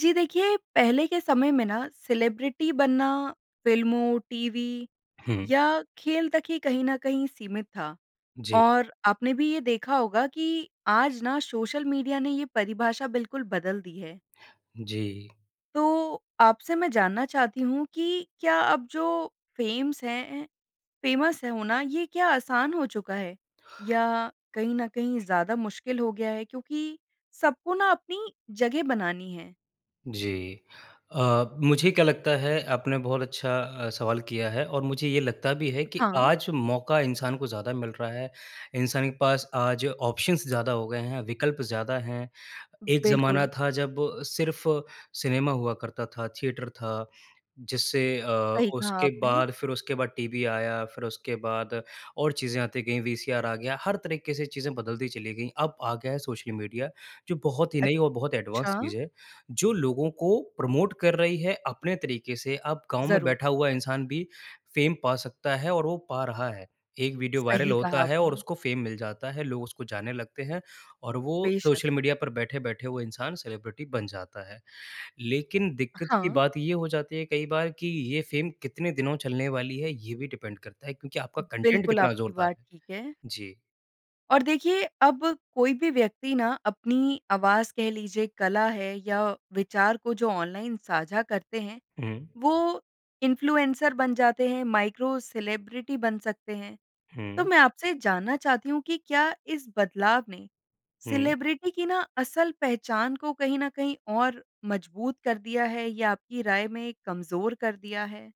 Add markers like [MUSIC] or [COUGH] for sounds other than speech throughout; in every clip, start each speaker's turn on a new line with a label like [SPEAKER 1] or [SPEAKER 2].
[SPEAKER 1] जी देखिए, पहले के समय में ना सेलिब्रिटी बनना, फ़िल्मों, टीवी
[SPEAKER 2] हुँ।
[SPEAKER 1] या खेल तक ही कहीं ना कहीं सीमित था।
[SPEAKER 2] जी।
[SPEAKER 1] और आपने भी ये देखा होगा कि आज ना सोशल मीडिया ने यह परिभाषा बिल्कुल बदल दी है।
[SPEAKER 2] जी।
[SPEAKER 1] तो आपसे मैं जानना चाहती हूँ कि क्या अब जो फेमस हैं, ए फ़ेमस है होना, ये क्या आसान हो चुका है? या कहीं ना कहीं ज़्यादा मुश्किल हो गया है, क्योंकि सबको ना अपनी जगह बनानी है।
[SPEAKER 2] जी। अ, मुझे क्या लगता है आपने बहुत अच्छा अ, सवाल किया है, और मुझे ये लगता भी है।
[SPEAKER 1] अ,
[SPEAKER 2] कि
[SPEAKER 1] हाँ।
[SPEAKER 2] आज इंसान को ज़्यादा मिल रहा हैं, इंसान के पास आज ऑप्शन्स ज़्यादा हो गए हैं, विकल्प ज़्यादा हैं। एक ज़माना
[SPEAKER 1] बिल्कुल।
[SPEAKER 2] था जब सिर्फ सिनेमा हुआ करता था। थिएटर था। जिससे अ,
[SPEAKER 1] सही कहा
[SPEAKER 2] उसके
[SPEAKER 1] आपने।
[SPEAKER 2] बाद फिर उसके बाद टीवी आया, फिर उसके बाद और चीज़ें आती गई वीसीआर आ गया। हर तरीके से चीज़ें बदलती चली गईं। अब आ गया है सोशल मीडिया जो बहुत ही नई और बहुत एडवांस
[SPEAKER 1] अच्छा।
[SPEAKER 2] चीज़ है। जो लोगों को प्रमोट कर रही है अपने तरीके से अब गाँव में
[SPEAKER 1] ज़रूर।
[SPEAKER 2] बैठा हुआ इंसान भी फ़ेम पा सकता है और वो पा रहा है। एक वीडियो वायरल
[SPEAKER 1] सही
[SPEAKER 2] होता
[SPEAKER 1] कहा
[SPEAKER 2] है और
[SPEAKER 1] आपने।
[SPEAKER 2] उसको फ़ेम मिल जाता है लोग उसको जाने लगते हैं और वो
[SPEAKER 1] बेशक़।
[SPEAKER 2] सोशल मीडिया पर बैठे-बैठे वो इंसान सेलिब्रिटी बन जाता है। लेकिन
[SPEAKER 1] अ,
[SPEAKER 2] दिक्कत की
[SPEAKER 1] हाँ।
[SPEAKER 2] बात ये हो जाती है कई बार कि ये फ़ेम कितने दिनों चलने वाली है ये भी डिपेंड करता है क्योंकि आपका कंटेंट
[SPEAKER 1] बिल्कुल
[SPEAKER 2] कितना
[SPEAKER 1] आपकी
[SPEAKER 2] ज़ोरदार
[SPEAKER 1] बात
[SPEAKER 2] है।
[SPEAKER 1] ठीक है।
[SPEAKER 2] जी।
[SPEAKER 1] और देखिए अब कोई भी व्यक्ति ना अपनी आवाज़ कह लीजिए कला है या विचार को जो ऑनलाइन साझा करते हैं,
[SPEAKER 2] हुँ।
[SPEAKER 1] वो इन्फ़्लुएन्सर बन जाते हैं, माइक्रो सेलिब्रिटी बन सकते हैं। तो
[SPEAKER 2] हुँ।
[SPEAKER 1] मैं आपसे जानना चाहती हूँ कि क्या इस बदलाव ने
[SPEAKER 2] हुँ।
[SPEAKER 1] सेलिब्रिटी की ना असल पहचान को कहीं ना कहीं और मज़बूत कर दिया है या आपकी राय में कमज़ोर कर दिया है?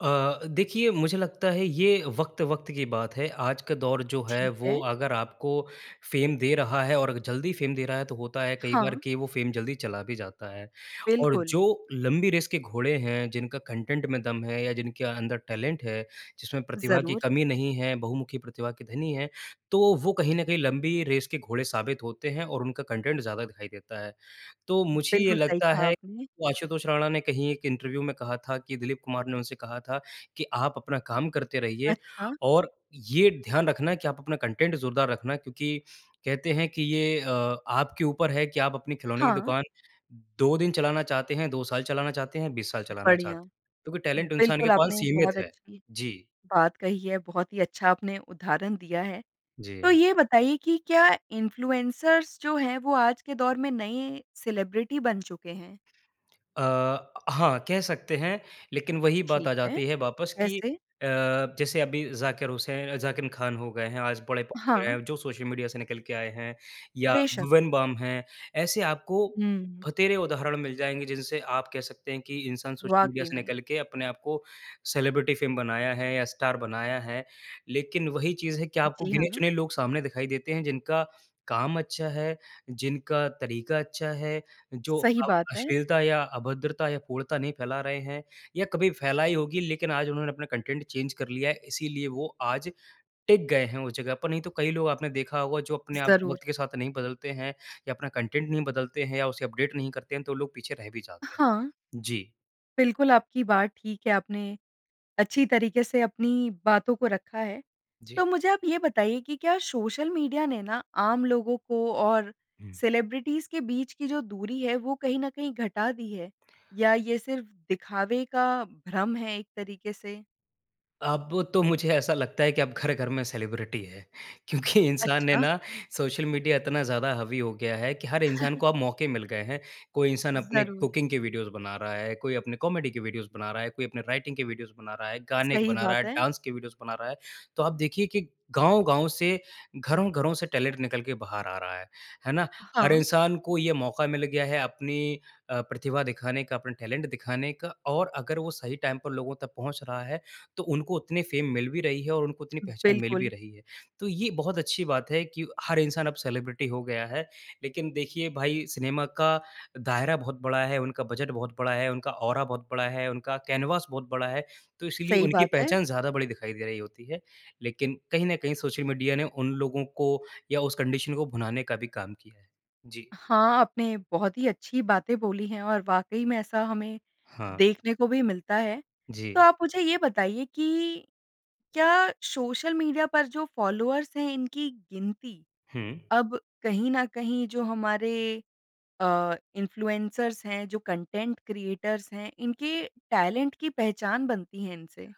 [SPEAKER 2] अ, देखिए मुझे लगता है ये वक़्त-वक़्त की बात है। आज का दौर जो है
[SPEAKER 1] ठीक है।
[SPEAKER 2] वो अगर आपको फ़ेम दे रहा है और जल्दी फ़ेम दे रहा है तो होता है कई बार
[SPEAKER 1] हाँ।
[SPEAKER 2] कि वो फ़ेम जल्दी चला भी जाता है। और
[SPEAKER 1] बिल्कुल।
[SPEAKER 2] जो लंबी रेस के घोड़े हैं, जिनका कंटेन्ट में दम है या जिनके अंदर टैलेंट है। जिसमें प्रतिभा की
[SPEAKER 1] ज़रूर।
[SPEAKER 2] कमी नहीं है, बहुमुखी प्रतिभा के धनी हैं। तो वो कहीं ना कहीं लंबी रेस के घोड़े साबित होते हैं और उनका कंटेन्ट ज़्यादा दिखाई देता है। तो मुझे ये
[SPEAKER 1] बिल्कुल सही
[SPEAKER 2] लगता
[SPEAKER 1] कहा
[SPEAKER 2] है
[SPEAKER 1] आपने।
[SPEAKER 2] आशुतोष राणा ने कहीं एक इंटरव्यू में कहा था कि दिलीप कुमार ने उनसे कहा था कि आप अपना काम करते रहिए
[SPEAKER 1] अच्छा।
[SPEAKER 2] और ये ध्यान रखना कि आप अपना कंटेन्ट ज़ोरदार रखना क्योंकि कहते हैं कि ये अ, आपके ऊपर है कि आप अपनी खिलौने की
[SPEAKER 1] हाँ।
[SPEAKER 2] दुकान 2 दिन चलाना चाहते हैं, 2 साल चलाना चाहते हैं, 20 साल चलाना
[SPEAKER 1] बढ़िया।
[SPEAKER 2] चाहते हैं। क्योंकि टैलेंट इंसान के
[SPEAKER 1] बिल्कुल
[SPEAKER 2] पास
[SPEAKER 1] आपने
[SPEAKER 2] सीमित
[SPEAKER 1] बहुत
[SPEAKER 2] है।
[SPEAKER 1] अच्छी
[SPEAKER 2] जी।
[SPEAKER 1] बात कही है। बहुत ही अच्छा अपने उदाहरण दिया है। तो
[SPEAKER 2] जी।
[SPEAKER 1] ये बताइए कि क्या इनफ्लुएंसर्स जो है वो आज के दौर में नए सेलिब्रिटी बन चुके हैं?
[SPEAKER 2] अ, हाँ। कह सकते हैं। लेकिन वही बात
[SPEAKER 1] ठीक
[SPEAKER 2] आ
[SPEAKER 1] है।
[SPEAKER 2] जाती है वापस कि
[SPEAKER 1] कैसे?
[SPEAKER 2] अ, जैसे अभी ज़ाकिर हुसैन ज़ाकिर खान हो गए हैं, आज बड़े पोपुलर
[SPEAKER 1] हाँ।
[SPEAKER 2] हैं जो सोशल मीडिया से निकल के आए हैं। या
[SPEAKER 1] बेशक़।
[SPEAKER 2] भुवन बाम हैं। ऐसे आपको
[SPEAKER 1] हुँ।
[SPEAKER 2] भतेरे उदाहरण मिल जाएँगे जिनसे आप कह सकते हैं कि इंसान सोशल मीडिया
[SPEAKER 1] वाक़ई
[SPEAKER 2] से
[SPEAKER 1] में।
[SPEAKER 2] निकल के अपने आपको सेलिब्रिटी फ़ेम बनाया है या स्टार बनाया है। लेकिन वही चीज़ है कि आपको
[SPEAKER 1] जी हाँ।
[SPEAKER 2] गिने-चुने लोग सामने दिखाई देते हैं जिनका काम अच्छा है, जिनका तरीका अच्छा है, जो
[SPEAKER 1] सही
[SPEAKER 2] अब
[SPEAKER 1] बात है।
[SPEAKER 2] अश्लीलता या अभद्रता या पूर्णता नहीं फैला रहे हैं या कभी फैलाई होगी लेकिन आज उन्होंने अपने कंटेन्ट चेंज कर लिया है इसीलिए वो आज टिक गए हैं उस जगह पर। नहीं तो कई लोग आपने देखा होगा जो अपने आप
[SPEAKER 1] ज़रूर।
[SPEAKER 2] वक़्त के साथ नहीं बदलते हैं या अपना कंटेन्ट नहीं बदलते हैं या उसे अपडेट नहीं करते हैं, तो लोग पीछे रह भी जाते हैं।
[SPEAKER 1] हाँ।
[SPEAKER 2] जी।
[SPEAKER 1] बिल्कुल आपकी बात ठीक है। आपने अच्छी तरीके से अपनी बातों को रखा है। तो
[SPEAKER 2] जी।
[SPEAKER 1] मुझे आप ये बताइए कि क्या सोशल मीडिया ने ना आम लोगों को और
[SPEAKER 2] हुँ।
[SPEAKER 1] सेलिब्रिटीज़ के बीच की जो दूरी है वो कहीं ना कहीं घटा दी है या ये सिर्फ़ दिखावे का भ्रम है एक तरीके से?
[SPEAKER 2] अब तो मुझे ऐसा लगता है कि अब घर-घर में सेलिब्रिटी है। क्योंकि इंसान ने
[SPEAKER 1] अच्छा।
[SPEAKER 2] ना सोशल मीडिया इतना ज़्यादा हावी हो गया है कि हर इंसान
[SPEAKER 1] [CHUCKLES]
[SPEAKER 2] को अब मौके मिल गए हैं। कोई इंसान अपने
[SPEAKER 1] ज़रूर।
[SPEAKER 2] कुकिंग के वीडियोज़ बना रहा है, कोई अपने कॉमेडी के वीडियोज़ बना रहा है, कोई अपने राइटिंग के वीडियोज़ बना रहा है, गाने के
[SPEAKER 1] सही
[SPEAKER 2] बना रहा
[SPEAKER 1] बात
[SPEAKER 2] है,
[SPEAKER 1] है।
[SPEAKER 2] डांस के वीडियोज़ बना रहा है। तो आप देखिए कि गाँव-गाँव से घरों-घरों से टैलेंट निकल के बाहर आ रहा है, है ना। हर
[SPEAKER 1] हाँ।
[SPEAKER 2] इंसान को ये मौका मिल गया है अपनी अ, प्रतिभा दिखाने का, अपने टैलेंट दिखाने का और अगर वो सही टाइम पर लोगों तक पहुँच रहा है तो उनको उतनी फ़ेम मिल भी रही है और उनको इतनी पहचान मिल भी
[SPEAKER 1] बिल्कुल।
[SPEAKER 2] रही है। तो ये बहुत अच्छी बात है कि हर इंसान अब सेलिब्रिटी हो गया है। लेकिन देखिए भाई सिनेमा का दायरा बहुत बड़ा है, उनका बजट बहुत बड़ा है, उनका औरा बहुत बड़ा है, उनका कैनवास बहुत बड़ा है। तो इसलिए
[SPEAKER 1] सही
[SPEAKER 2] उनकी
[SPEAKER 1] बात है।
[SPEAKER 2] पहचान ज़्यादा बड़ी दिखाई दे रही होती है। लेकिन कहीं न कहीं सोशल मीडिया ने उन लोगों को या उस कंडीशन को भुनाने का भी काम किया है। जी।
[SPEAKER 1] हाँ। आपने बहुत ही अच्छी बातें बोली हैं। और वाक़ई में ऐसा हमें
[SPEAKER 2] हाँ।
[SPEAKER 1] देखने को भी मिलता है। तो
[SPEAKER 2] जी।
[SPEAKER 1] आप मुझे ये बताइए कि क्या सोशल मीडिया पर जो फ़ॉलोअर्स है इनकी गिनती
[SPEAKER 2] हुँ।
[SPEAKER 1] अब कहीं न कहीं जो हमारे अ, इनफ्लुएंसर्स है, जो कंटेन्ट क्रिएटर्स है इनके टैलेंट की पहचान बनती है इनसे?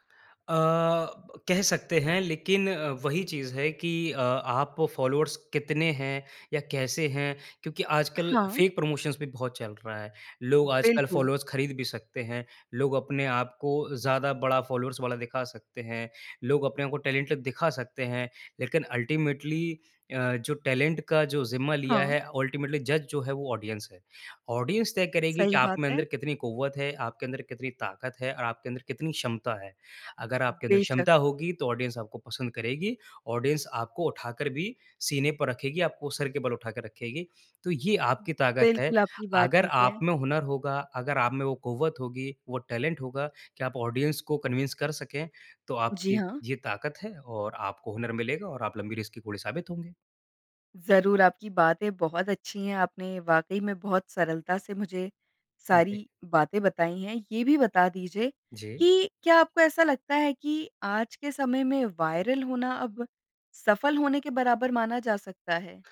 [SPEAKER 2] अ, कह सकते हैं। लेकिन अ, वही चीज़ है की अ, आप फ़ॉलोअर्स कितने हैं या कैसे हैं? क्योंकि आजकल
[SPEAKER 1] हाँ।
[SPEAKER 2] फ़ेक प्रमोशन्स भी बहुत चल रहा है। लोग आजकल
[SPEAKER 1] बिल्कुल।
[SPEAKER 2] फ़ॉलोअर्स खरीद भी सकते हैं। लोग अपने आप को ज़्यादा बड़ा फ़ॉलोअर्स वाला दिखा सकते हैं। लोग अपने आप को टैलेंटेड दिखा सकते हैं। लेकिन अल्टीमेटली अ, जो टैलेंट का जो ज़िम्मा लिया
[SPEAKER 1] हाँ।
[SPEAKER 2] है अल्टीमेटली जज जो है वो ऑडियंस है। ऑडियंस तय करेगी कि
[SPEAKER 1] सही बात
[SPEAKER 2] आपमें
[SPEAKER 1] है।
[SPEAKER 2] अंदर कितनी क़ुव्वत है, आपके अंदर कितनी ताकत है और आपके अंदर कितनी क्षमता है। अगर आपके अंदर
[SPEAKER 1] बेशक़।
[SPEAKER 2] क्षमता होगी तो ऑडियंस आपको पसंद करेगी। ऑडियंस आपको उठाकर भी सीने पर रखेगी, आपको सिर के बल उठा के रखेगी। तो ये आपकी ताकत है।
[SPEAKER 1] बिल्कुल, आपकी बात
[SPEAKER 2] अगर
[SPEAKER 1] ठीक
[SPEAKER 2] आप
[SPEAKER 1] है।
[SPEAKER 2] में हुनर होगा, अगर आप में वो क़ुव्वत होगी, वो टैलेंट होगा कि आप ऑडियंस को कन्विन्स कर सकें, तो
[SPEAKER 1] जी
[SPEAKER 2] आपकी
[SPEAKER 1] हाँ।
[SPEAKER 2] ये ताकत है। और आपको हुनर मिलेगा और आप लंबी रेस के घोड़े साबित होंगे।
[SPEAKER 1] ज़रूर आपकी बातें बहुत अच्छी है। आपने वाक़ई में बहुत सरलता से मुझे
[SPEAKER 2] उनपे।
[SPEAKER 1] सारी बातें बताईं है। ये भी बता दीजिए
[SPEAKER 2] जी।
[SPEAKER 1] कि क्या आपको ऐसा लगता है कि आज के समय में वाइरल होना अब सफल होने के बराबर माना जा सकता है?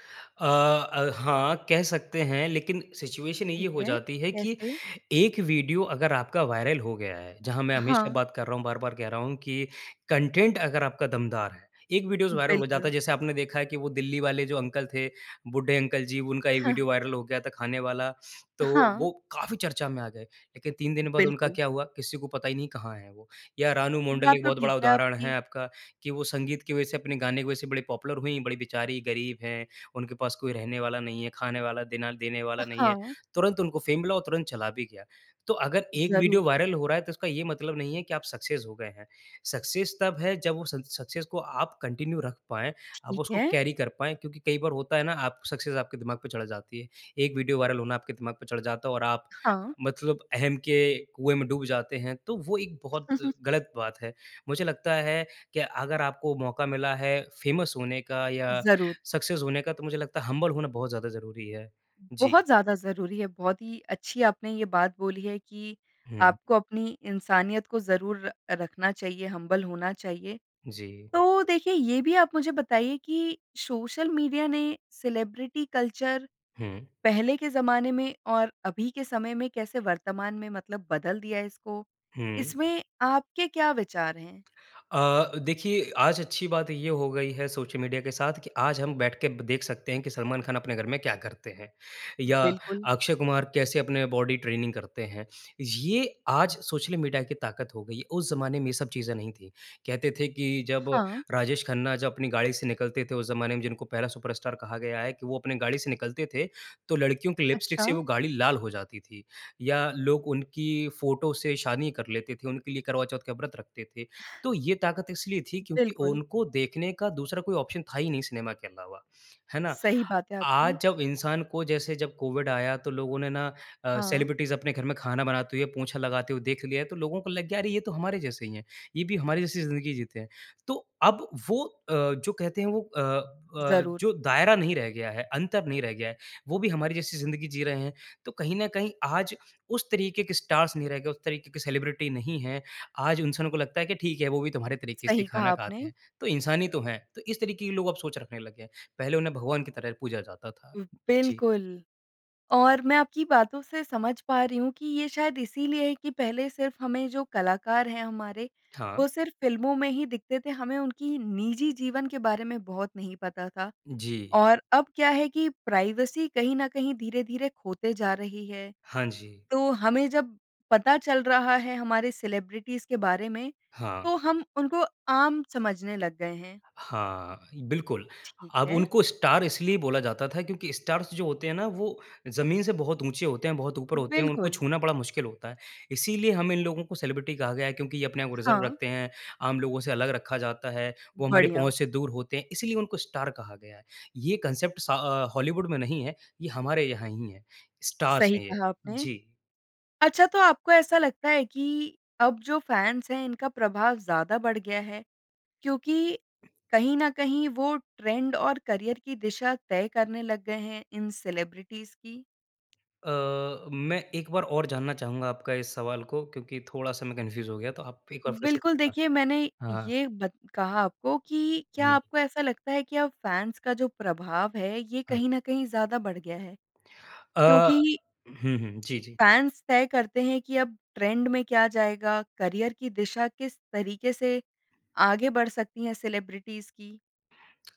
[SPEAKER 2] अ अ, हाँ, कह सकते हैं। लेकिन सिचुएशन ये
[SPEAKER 1] ठीक
[SPEAKER 2] हो
[SPEAKER 1] है।
[SPEAKER 2] जाती है कि
[SPEAKER 1] कैसे?
[SPEAKER 2] एक वीडियो अगर आपका वायरल हो गया है। जहाँ मैं हमेशा
[SPEAKER 1] हाँ।
[SPEAKER 2] बात कर रहा हूँ, बार-बार कह रहा हूँ कि कंटेन्ट अगर आपका दमदार है एक वीडियोज़ वायरल हो जाता
[SPEAKER 1] बिल्कुल।
[SPEAKER 2] है जैसे आपने देखा है कि वो दिल्ली वाले जो अंकल थे, बूढ़े अंकल जी उनका ये
[SPEAKER 1] [CHUCKLES]
[SPEAKER 2] वीडियो वायरल हो गया था खाने वाला। तो
[SPEAKER 1] हाँ।
[SPEAKER 2] वो काफ़ी चर्चा में आ गए। लेकिन 3 दिन बाद उनका
[SPEAKER 1] बिल्कुल।
[SPEAKER 2] क्या हुआ किसी को पता ही नहीं कहाँ हैं वो। या रानू मंडल
[SPEAKER 1] बात
[SPEAKER 2] एक
[SPEAKER 1] तो
[SPEAKER 2] बहुत
[SPEAKER 1] ठीक
[SPEAKER 2] बड़ा
[SPEAKER 1] है
[SPEAKER 2] उदाहरण
[SPEAKER 1] आपकी।
[SPEAKER 2] है आपका, कि वो संगीत की वजह से अपने गाने की वजह से बड़े पॉपुलर हुईं। बड़ी बेचारी गरीब हैं। उनके पास कोई रहने वाला नहीं है, खाने वाला दिना देने वाला नहीं है।
[SPEAKER 1] हाँ।
[SPEAKER 2] तुरंत उनको फ़ेम मिला और तुरंत चला भी गया। तो अगर एक वीडियो
[SPEAKER 1] ज़रूर।
[SPEAKER 2] वायरल हो रहा है तो इसका ये मतलब नहीं है कि आप सक्सेस हो गए हैं। सक्सेस तब है जब वो उस इन्स सक्सेस को आप कंटिन्यू रख पाएँ। आप
[SPEAKER 1] ठीक
[SPEAKER 2] उसको
[SPEAKER 1] है।
[SPEAKER 2] कैरी कर पाएँ। क्योंकि कई बार होता है ना आप सक्सेस आपके दिमाग पे चढ़ जाती है। एक वीडियो वायरल होना आपके दिमाग पर चढ़ जाता है और आप
[SPEAKER 1] हाँ।
[SPEAKER 2] मतलब अहम् के कुएँ में डूब जाते हैं। तो वो एक बहुत
[SPEAKER 1] [CHUCKLES]
[SPEAKER 2] गलत बात है। मुझे लगता है कि अगर आपको मौका मिला है फ़ेमस होने का या
[SPEAKER 1] ज़रूर।
[SPEAKER 2] सक्सेस होने का, तो मुझे लगता है हम्बल होना बहुत ज़्यादा ज़रूरी है। जी।
[SPEAKER 1] बहुत ज़्यादा ज़रूरी है। बहुत ही अच्छी आपने ये बात बोली है कि
[SPEAKER 2] हुँ।
[SPEAKER 1] आपको अपनी इंसानियत को ज़रूर र रखना चाहिए, हम्बल होना चाहिए।
[SPEAKER 2] जी।
[SPEAKER 1] तो देखिए ये भी आप मुझे बताइए कि सोशल मीडिया ने सेलिब्रिटी कल्चर
[SPEAKER 2] हुँ।
[SPEAKER 1] पहले के ज़माने में और अभी के समय में कैसे वर्तमान में मतलब बदल दिया है इसको?
[SPEAKER 2] हुँ।
[SPEAKER 1] इसमें आपके क्या विचार हैं?
[SPEAKER 2] अ, देखिए आज अच्छी बात ये हो गई है सोशल मीडिया के साथ कि आज हम बैठके देख सकते हैं कि सलमान ख़ान अपने घर में क्या करते हैं। या
[SPEAKER 1] बिल्कुल।
[SPEAKER 2] अक्षय कुमार कैसे अपनी बॉडी ट्रेनिंग करते हैं। ये आज सोशल मीडिया की ताक़त हो गई, उस ज़माने में ये सब चीज़ें नहीं थीं। कहते थे कि जब
[SPEAKER 1] हाँ।
[SPEAKER 2] राजेश खन्ना जब अपनी गाड़ी से निकलते थे, उस ज़माने में जिनको पहला सुपरस्टार कहा गया है कि वो अपनी गाड़ी से निकलते थे तो लड़कियों की लिपस्टिक से
[SPEAKER 1] अच्छा।
[SPEAKER 2] वो गाड़ी लाल हो जाती थी। या लोग उनकी फ़ोटो से शादी कर लेते थे। उनके लिए करवाचौथ का व्रत रखते थे। तो ये ताक़त इसलिए थी क्योंकि
[SPEAKER 1] बिल्कुल।
[SPEAKER 2] उनको देखने का दूसरा कोई ऑप्शन था ही नहीं सिनेमा के अलावा। है ना?
[SPEAKER 1] सही बात है आपकी।
[SPEAKER 2] आज जब इंसान को जैसे जब कोविड आया तो लोगों ने ना अ,
[SPEAKER 1] हाँ।
[SPEAKER 2] सेलिब्रिटीज़ अपने घर में खाना बनाते हुए पोछा लगाते हुए देख लिया तो लोगों को लग गया अरे ये तो हमारे जैसे ही हैं। ये भी हमारे जैसी ज़िंदगी जीते हैं। तो अब वो अ, जो कहते हैं वो अ अ,
[SPEAKER 1] ज़रूर।
[SPEAKER 2] जो दायरा नहीं रह गया है, अंतर नहीं रह गया है, वो भी हमारी जैसी ज़िंदगी जी रहे हैं। तो कहीं ना कहीं आज उस तरीके के स्टार्स नहीं रह गए, उस तरीके के सेलिब्रिटी नहीं हैं। आज इंसानों को लगता है कि ठीक है वो भी तुम्हारे तरीके से
[SPEAKER 1] सही कहा
[SPEAKER 2] खाना खाते
[SPEAKER 1] आपने।
[SPEAKER 2] हैं, तो इंसान ही तो हैं। तो इस तरीके के लोग अब सोच रखने लग गए हैं। पहले उन्हें भगवान की तरह पूजा जाता था। जी।
[SPEAKER 1] बिल्कुल। और मैं आपकी बातों से समझ पा रही हूँ कि ये शायद इसीलिए है कि पहले सिर्फ़ हमें जो कलाकार हैं हमारे
[SPEAKER 2] हाँ।
[SPEAKER 1] वो सिर्फ़ फिल्मों में ही दिखते थे। हमें उनकी निजी जीवन के बारे में बहुत नहीं पता था।
[SPEAKER 2] जी।
[SPEAKER 1] और अब क्या है कि प्राइवेसी कहीं न कहीं धीरे-धीरे खोते जा रही है।
[SPEAKER 2] हाँ जी।
[SPEAKER 1] तो हमें जब पता चल रहा है हमारे सेलिब्रिटीज़ के बारे में
[SPEAKER 2] हाँ।
[SPEAKER 1] तो हम उनको आम समझने लग गए हैं।
[SPEAKER 2] हाँ। बिल्कुल।
[SPEAKER 1] ठीक
[SPEAKER 2] अब
[SPEAKER 1] है।
[SPEAKER 2] उनको स्टार इसलिए बोला जाता था क्योंकि स्टार जो होते हैं ना वो ज़मीन से बहुत ऊँचे होते हैं, बहुत ऊपर होते हैं, उनको
[SPEAKER 1] बिल्कुल।
[SPEAKER 2] छूना बड़ा मुश्किल होता है। इसीलिए हम इन लोगों को सेलिब्रिटी कहा गया है क्योंकि ये अपने आप रिज़र्व
[SPEAKER 1] हाँ।
[SPEAKER 2] रखते हैं, आम लोगों से अलग रखा जाता है, वो हमारे
[SPEAKER 1] बढ़िया।
[SPEAKER 2] पहुँच से दूर होते हैं। इसीलिए उनको स्टार कहा गया है। ये कॉन्सेप्ट्स अ, हॉलीवुड में नहीं है। ये हमारे यहाँ ही है। स्टार
[SPEAKER 1] सही
[SPEAKER 2] हैं ये।
[SPEAKER 1] कहा आपने।
[SPEAKER 2] जी।
[SPEAKER 1] अच्छा तो आपको ऐसा लगता है कि अब जो फैन्स है इनका प्रभाव ज़्यादा बढ़ गया है क्योंकि कहीं न कहीं वो ट्रेंड और करिअर की दिशा तय करने लग गए हैं इन सेलेब्रिटीज की?
[SPEAKER 2] अ, मैं एक बार और जानना चाहूँगा आपका इस सवाल को क्योंकि थोड़ा-सा मैं कंफ्यूज़ हो गया। तो आप एक और फिर से
[SPEAKER 1] बिल्कुल।
[SPEAKER 2] बताएँ।
[SPEAKER 1] देखिए मैंने
[SPEAKER 2] हाँ।
[SPEAKER 1] ये बत कहा आपको कि क्या
[SPEAKER 2] हुँ।
[SPEAKER 1] आपको ऐसा लगता है कि अब फैन्स का जो प्रभाव है ये
[SPEAKER 2] हाँ।
[SPEAKER 1] कहीं ना कहीं ज़्यादा बढ़ गया है?
[SPEAKER 2] अ,
[SPEAKER 1] क्योंकि
[SPEAKER 2] हुँ हुँ। जी जी।
[SPEAKER 1] फैन्स तय करते हैं कि अब ट्रेंड में क्या जाएगा, करिअर की दिशा किस तरीके से आगे बढ़ सकती है सेलेब्रिटीज़ की।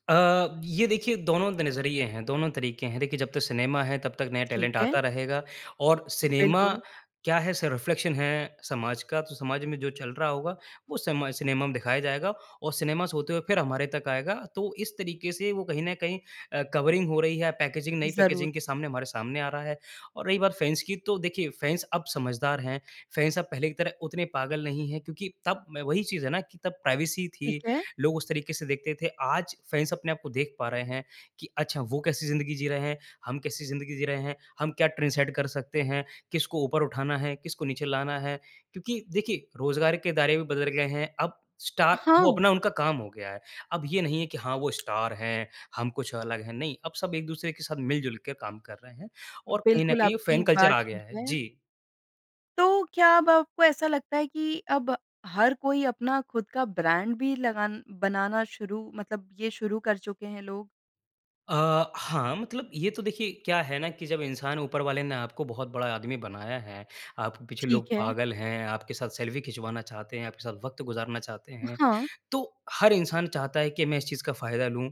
[SPEAKER 2] अ, ये देखिए, दोनों द नज़रिए हैं, दोनों तरीके हैं। देखिए जब तक सिनेमा है तब तक नया
[SPEAKER 1] ठीक
[SPEAKER 2] टैलेंट आता
[SPEAKER 1] है।
[SPEAKER 2] रहेगा। और सिनेमा
[SPEAKER 1] बिल्कुल।
[SPEAKER 2] क्या है स रिफ़्लेक्शन है समाज का। तो समाज में जो चल रहा होगा वो समाज सिनेमा में दिखाया जाएगा और सिनेमा से होते हुए फिर हमारे तक आएगा। तो इस तरीके से वो कहीं न कहीं अ कवरिंग हो रही है या पैकेजिंग नई
[SPEAKER 1] ज़रूर।
[SPEAKER 2] पैकेजिंग के सामने हमारे सामने आ रहा है। और रही बात फ़ैन्स की, तो देखिए फ़ैन्स अब समझदार हैं। फ़ैन्स अब पहले की तरह उतने पागल नहीं हैं क्योंकि तब मैं वही चीज़ है ना कि तब प्राइवेसी
[SPEAKER 1] ठीक
[SPEAKER 2] थी,
[SPEAKER 1] है।
[SPEAKER 2] लोग उस तरीके से देखते थे। आज फ़ैन्स अपने आप को देख पा रहे हैं कि अच्छा वो कैसी ज़िंदगी जी रहे हैं। हम कैसी ज़िंदगी जी रहे हैं। हम क्या ट्रेंड सेट कर सकते हैं। किसको ऊपर उठाना है। किसको नीचे लाना है। क्योंकि देखिए रोज़गार के दायरे भी बदल गए हैं। अब स्टार वो
[SPEAKER 1] हाँ।
[SPEAKER 2] अपना उनका काम हो गया है। अब ये नहीं है कि हाँ वो स्टार हैं, हम कुछ अलग हैं। नहीं, अब सब एक-दूसरे के साथ मिल-जुलके के काम कर रहे हैं। और कहीं ना
[SPEAKER 1] बिल्कुल
[SPEAKER 2] कहीं
[SPEAKER 1] आपकी
[SPEAKER 2] फ़ैन कल्चर
[SPEAKER 1] बात
[SPEAKER 2] आ गया
[SPEAKER 1] ठीक
[SPEAKER 2] है।
[SPEAKER 1] है।
[SPEAKER 2] जी।
[SPEAKER 1] तो, क्या अब आपको ऐसा लगता है कि अब हर कोई अपना खुद का ब्रांड भी लगान बनाना शुरू, मतलब ये शुरू कर चुके हैं लोग?
[SPEAKER 2] अ, हाँ, मतलब ये तो देखिए क्या है ना कि जब इंसान ऊपर वाले ने आपको बहुत बड़ा आदमी बनाया है, आपके पीछे लोग
[SPEAKER 1] ठीक है।
[SPEAKER 2] पागल हैं, आपके साथ सेल्फ़ी खिंचवाना चाहते हैं, आपके साथ वक़्त गुजारना चाहते हैं,
[SPEAKER 1] हाँ।
[SPEAKER 2] तो हर इंसान चाहता है कि मैं इस चीज़ का फ़ायदा लूँ।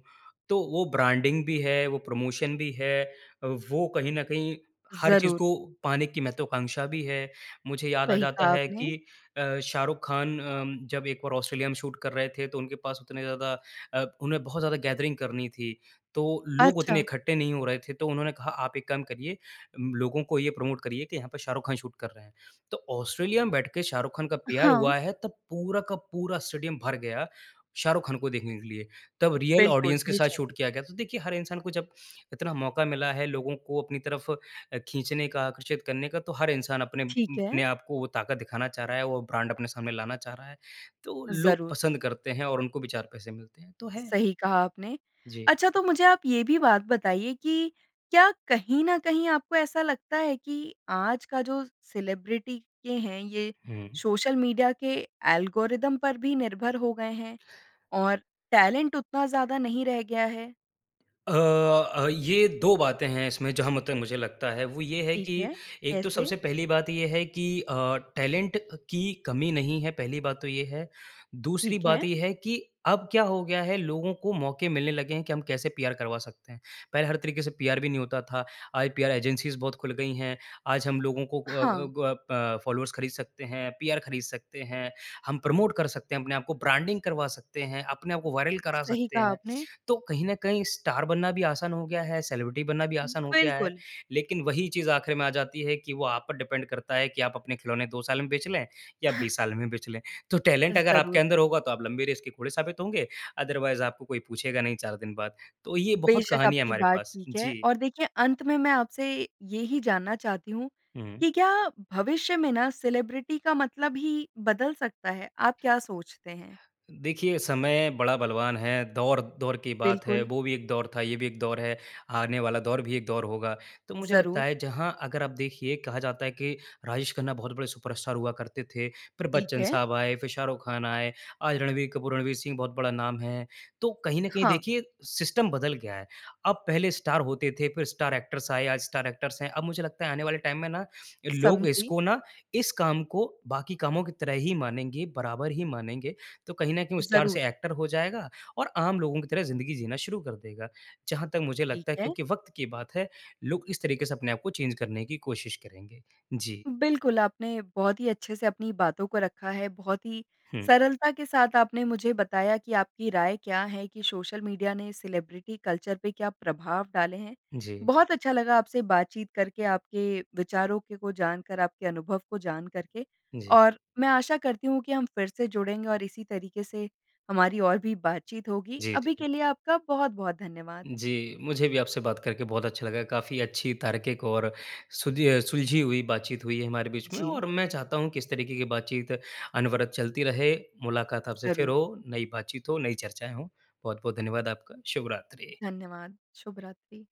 [SPEAKER 2] तो वो ब्रांडिंग भी है, वो प्रमोशन भी है अ, वो कहीं न कहीं हर चीज़
[SPEAKER 1] ज़रूर।
[SPEAKER 2] को पाने की महत्वाकांक्षा भी है। मुझे याद आ
[SPEAKER 1] सही
[SPEAKER 2] जाता
[SPEAKER 1] कहा
[SPEAKER 2] है
[SPEAKER 1] आपने।
[SPEAKER 2] कि अ, शाहरुख खान अम, जब एक बार ऑस्ट्रेलिया में शूट कर रहे थे, तो उनके पास उतने ज़्यादा अ, उन्हें बहुत ज़्यादा गैदरिंग करनी थी। तो लोग उतने
[SPEAKER 1] अच्छा।
[SPEAKER 2] इकट्ठे नहीं हो रहे थे। तो उन्होंने कहा, "आप एक काम करिए, अम, लोगों को ये प्रोमोट करिए कि यहाँ पे शाहरुख खान शूट कर रहे हैं।" तो ऑस्ट्रेलिया में बैठके शाहरुख खान का पीआर
[SPEAKER 1] हाँ।
[SPEAKER 2] हुआ है, तब पूरा का पूरा स्टेडियम भर गया शाहरुख खान को देखने के लिए। तब रियल
[SPEAKER 1] बिल्कुल,
[SPEAKER 2] ऑडियंस के साथ
[SPEAKER 1] बेशक़।
[SPEAKER 2] शूट किया गया। तो देखिए, हर इंसान को जब इतना मौका मिला है लोगों को अपनी तरफ़ अ, खींचने का, आकर्षित करने का, तो हर इंसान अपने उ,
[SPEAKER 1] ठीक है।
[SPEAKER 2] अपने आपको वो ताक़त दिखाना चाह रहा है, वो ब्रांड अपने सामने लाना चाह रहा है। तो लोग
[SPEAKER 1] ज़रूर।
[SPEAKER 2] पसंद करते हैं और उनको भी चार पैसे मिलते हैं, तो है।
[SPEAKER 1] सही कहा आपने।
[SPEAKER 2] जी।
[SPEAKER 1] अच्छा तो मुझे आप ये भी बात बताइए कि क्या कहीं न कहीं आपको ऐसा लगता है कि आज का जो सेलिब्रिटी के हैं, ये
[SPEAKER 2] हुँ।
[SPEAKER 1] सोशल मीडिया के एल्गोरिदम पर भी निर्भर हो गए हैं, और टैलेंट उतना ज़्यादा नहीं रह गया है?
[SPEAKER 2] अ, अ, ये 2 बातें हैं इसमें जहाँ म तक मुझे लगता है। वो ये है
[SPEAKER 1] ठीक
[SPEAKER 2] कि,
[SPEAKER 1] है।
[SPEAKER 2] एक तो
[SPEAKER 1] कैसे?
[SPEAKER 2] सबसे पहली बात ये है कि अ, टैलेंट अ, की कमी नहीं है, पहली बात तो ये है। दूसरी
[SPEAKER 1] ठीक है।
[SPEAKER 2] बात ये है कि अब क्या हो गया है, लोगों को मौके मिलने लगे हैं कि हम कैसे पीआर करवा सकते हैं। पहले हर तरीके से पीआर भी नहीं होता था। आज पीआर एजेंसीज़ बहुत खुल गई हैं। आज हम लोगों को क अ,
[SPEAKER 1] हाँ।
[SPEAKER 2] ग प फॉलोवर्स ख़रीद सकते हैं, पीआर ख़रीद सकते हैं, हम प्रोमोट कर सकते हैं अपने आप को, ब्रांडिंग करवा सकते हैं, अपने आप को वायरल करा
[SPEAKER 1] सही
[SPEAKER 2] सकते
[SPEAKER 1] कहा
[SPEAKER 2] हैं।
[SPEAKER 1] आपने।
[SPEAKER 2] तो कहीं न कहीं, स्टार बनना भी आसान हो गया है, सेलिब्रिटी बनना भी आसान हो गया है।
[SPEAKER 1] बिल्कुल।
[SPEAKER 2] लेकिन वही चीज़ आखिर में आ जाती है कि वो आप पर डिपेंड करता है कि आप अपने खिलौने 2 साल में बेंच लें या 20 साल में बेंच लें। तो टैलेंट अगर आपके
[SPEAKER 1] ज़रूर।
[SPEAKER 2] अंदर होगा तो आप लंबी रेस के घोड़े साबित होंगे, अदरवाइज़ आपको कोई पूछेगा नहीं 4 दिन बाद। तो ये बहुत
[SPEAKER 1] बेशक़,
[SPEAKER 2] कहानी है
[SPEAKER 1] आपकी
[SPEAKER 2] हमारे
[SPEAKER 1] बात
[SPEAKER 2] पास।
[SPEAKER 1] ठीक है।
[SPEAKER 2] जी।
[SPEAKER 1] और देखिए, अंत में मैं आपसे यही जानना चाहती हूँ
[SPEAKER 2] हुँ।
[SPEAKER 1] कि क्या भविष्य में न सेलिब्रिटी का मतलब ही बदल सकता है। आप क्या सोचते हैं?
[SPEAKER 2] देखिए, समय बड़ा बलवान है। दौर-दौर की बात है,
[SPEAKER 1] बिल्कुल।
[SPEAKER 2] वो भी एक दौर था, ये भी एक दौर है, आने वाला दौर भी एक दौर होगा। तो मुझे लगता
[SPEAKER 1] ज़रूर।
[SPEAKER 2] है, जहाँ अगर आप देखिए कहा जाता है कि राजेश खन्ना बहुत बड़े सुपरस्टार हुआ करते थे, फिर
[SPEAKER 1] ठीक
[SPEAKER 2] बच्चन
[SPEAKER 1] है।
[SPEAKER 2] साहब आए, फिर शाहरुख ख़ान आए, आज रणवीर कपूर, रणवीर सिंह बहुत बड़ा नाम है। तो कहीं न कहीं
[SPEAKER 1] हाँ।
[SPEAKER 2] देखिए, सिस्टम बदल गया है। अब पहले स्टार होते थे, फिर स्टार एक्टर्स आए, आज स्टार एक्टर्स हैं। अब मुझे लगता है आने वाले टाइम में ना लोग
[SPEAKER 1] समझी।
[SPEAKER 2] इसको ना, इस काम को बाकी कामों की तरह ही मानेंगे, बराबर ही मानेंगे। तो कहीं न कहीं वो स्टार
[SPEAKER 1] ज़रूर।
[SPEAKER 2] से एक्टर हो जाएगा और आम लोगों की तरह ज़िंदगी जीना शुरू कर देगा। जहाँ तक मुझे
[SPEAKER 1] ठीक
[SPEAKER 2] लगता है,
[SPEAKER 1] है।
[SPEAKER 2] क्योंकि वक़्त की बात है, लोग इस तरीके से अपने आप को चेंज़ करने की कोशिश करेंगे। जी।
[SPEAKER 1] बिल्कुल। आपने बहुत ही अच्छे से अपनी बातों को रखा है। बहुत ही
[SPEAKER 2] हुँ।
[SPEAKER 1] सरलता के साथ आपने मुझे बताया कि आपकी राय क्या है, कि सोशल मीडिया ने सेलिब्रिटी कल्चर पे क्या प्रभाव डाले हैं।
[SPEAKER 2] जी।
[SPEAKER 1] बहुत अच्छा लगा आपसे बातचीत करके, आपके विचारों के को जानकर, आपके अनुभव को जानकर के।
[SPEAKER 2] जी।
[SPEAKER 1] और मैं आशा करती हूँ कि हम फिर से जुड़ेंगे और इसी तरीके से हमारी और भी बातचीत होगी।
[SPEAKER 2] जी, जी,
[SPEAKER 1] अभी
[SPEAKER 2] जी।
[SPEAKER 1] के लिए आपका बहुत-बहुत धन्यवाद।
[SPEAKER 2] जी, मुझे भी आपसे बात करके बहुत अच्छा लगा। काफ़ी अच्छी, तार्किक, और सुदीअ सुलझी हुई बातचीत हुई है हमारे बीच में।
[SPEAKER 1] जी।
[SPEAKER 2] और मैं चाहता हूँ कि इस तरीके की बातचीत अनवरत चलती रहे, मुलाकात आपसे फिर
[SPEAKER 1] ज़रूर।
[SPEAKER 2] हो, नई बातचीत हो, नई चर्चाएँ हो। बहुत-बहुत धन्यवाद आपका, शुभ रात्रि।
[SPEAKER 1] धन्यवाद। शुभ रात्रि।